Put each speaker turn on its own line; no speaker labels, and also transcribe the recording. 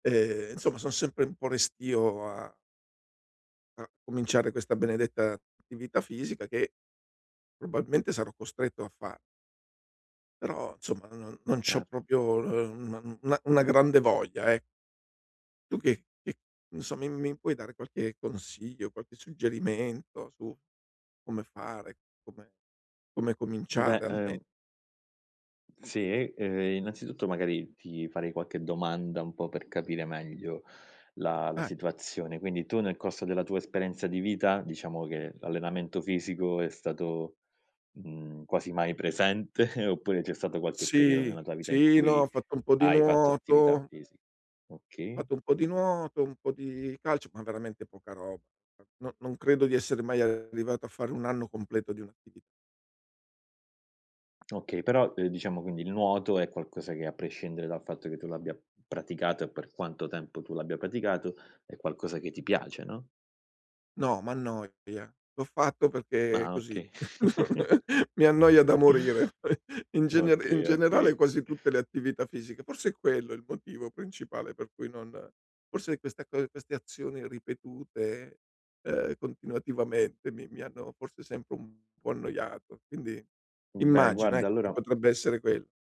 Eh-eh, insomma, son sempre un po' restio a a cominciare questa benedetta attività fisica che probabilmente sarò costretto a fa Però, insomma, non non c'ho
Cer
proprio, uhm, un una una grande voglia, eh. Tu che che insomma mi mi puoi dare qualche consiglio, qualche suggerimento su come fare, come come
Beh,
cominciare alme
ehm Sì, ehm, innanzitutto magari ti farei qualche domanda un po' per capire meglio la la
Eh.
situazione. Quindi tu nel corso della tua esperienza di vita, diciamo che l'allenamento fisico è stato, mhmm, quasi mai presente, oppure c'è stato qualche periodo
Sì,
nella tua vita in
sì, no, ho
cui
fatto un po' di
hai fatto attività
nuoto.
fisi
Ho
Okay.
fatto un po' di nuoto, un po' di calcio, ma veramente poca roba. No non credo di essere mai arrivato a fare 1 anno completo di un'attivi
Okay. Però, uhm, diciamo quindi il nuoto è qualcosa che, a prescindere dal fatto che tu l'abbia p praticato e per quanto tempo tu l'abbia praticato, è qualcosa che ti piace, no?
No, m'annoia. L'ho fatto perché
Ah.
così.
Okay.
Mi annoia da morire. In gener in
Okay,
generale
okay.
quasi tutte le attività fisiche. Forse è quello il motivo principale per cui non forse questa co queste azioni ripetute, uhm, continuativamente mi mi hanno forse sempre un po' annoiato. Quindi
Mhmm, beh,
immagino,
guarda
ecco, che
allora
potrebbe essere quell